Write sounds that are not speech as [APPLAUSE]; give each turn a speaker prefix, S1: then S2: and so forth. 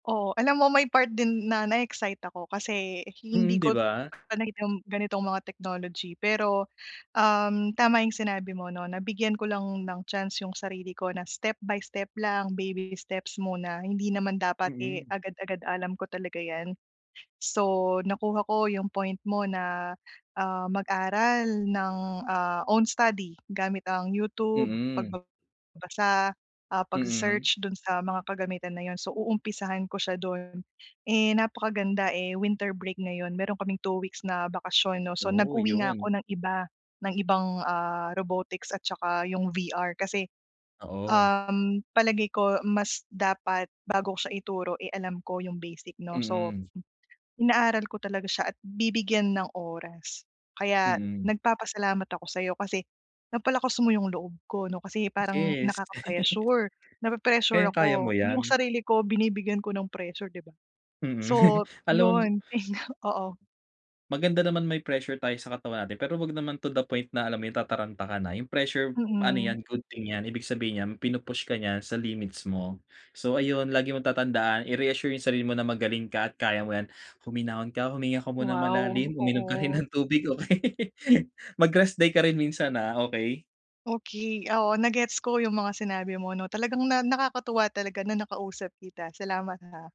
S1: Oo. Alam mo, may part din na na-excite ako, kasi
S2: Mm,
S1: hindi
S2: 'di
S1: ko
S2: ba?
S1: ano yung ganitong mga technology. Pero, um, tama yung sinabi mo 'no, na bigyan ko lang ng chance yung sarili ko na step by step lang, baby steps muna hindi naman dapat, eh,
S2: Mm.
S1: agad-agad alam ko talaga 'yan. So, nakuha ko yung point mo na, ah, mag-aral ng, ah, own study gamit ang YouTube,
S2: Mm.
S1: pagbabasa, ah,
S2: Mm.
S1: pagse-search dun sa mga kagamitan na yun, so, uumpisahan ko siya dun. Eh, napakaganda, eh, winter break ngayon, meron kaming 2 weeks na bakasyon 'no, so,
S2: Oo,
S1: nag-uwi nga
S2: yun.
S1: ako ng iba, ng ibang, ah, robotics at saka yung VR, kasi,
S2: Oo.
S1: um, palagay ko mas dapat bago ko siya ituro, eh, alam ko yung basic 'no? So,
S2: Mm.
S1: inaaral ko talaga siya at bibigyan ng oras. Kaya
S2: Mm.
S1: nagpapasalamat ako sa'yo, kasi napalakas mo yung loob ko 'no, kasi parang
S2: Yes. [LAUGHS]
S1: nakaka-pressure, napre-pressure
S2: Kayang-kaya mo
S1: ako, yung
S2: 'yan.
S1: sarili ko binibigyan ko ng pressure, 'di ba?
S2: Mm.
S1: So,
S2: [LAUGHS] Alam
S1: yun. [SNORTS] Oo.
S2: Maganda naman may pressure tayo sa katawan natin, pero huwag naman to the point na, alam mo yung, tataranta ka na, yung pressure ano
S1: Mm.
S2: yan, good thing yan, ibig sabihin nyan pinu-push ka niyan sa limits mo. So, ayun lagi mong tatandaan i-reassure yung sarili mo na magaling ka at kaya mo yan, huminahon ka, huminga ka munang
S1: Wow.
S2: malalim, uminom ka rin
S1: Oo.
S2: ng tubig, okey? [LAUGHS] Mag rest day ka rin minsan, ah, okey?
S1: Okey. Oo, na gets ko yung mga sinabi mo 'no. Talagang na nakakatuwa talaga na nakausap kita. Salamat, ah.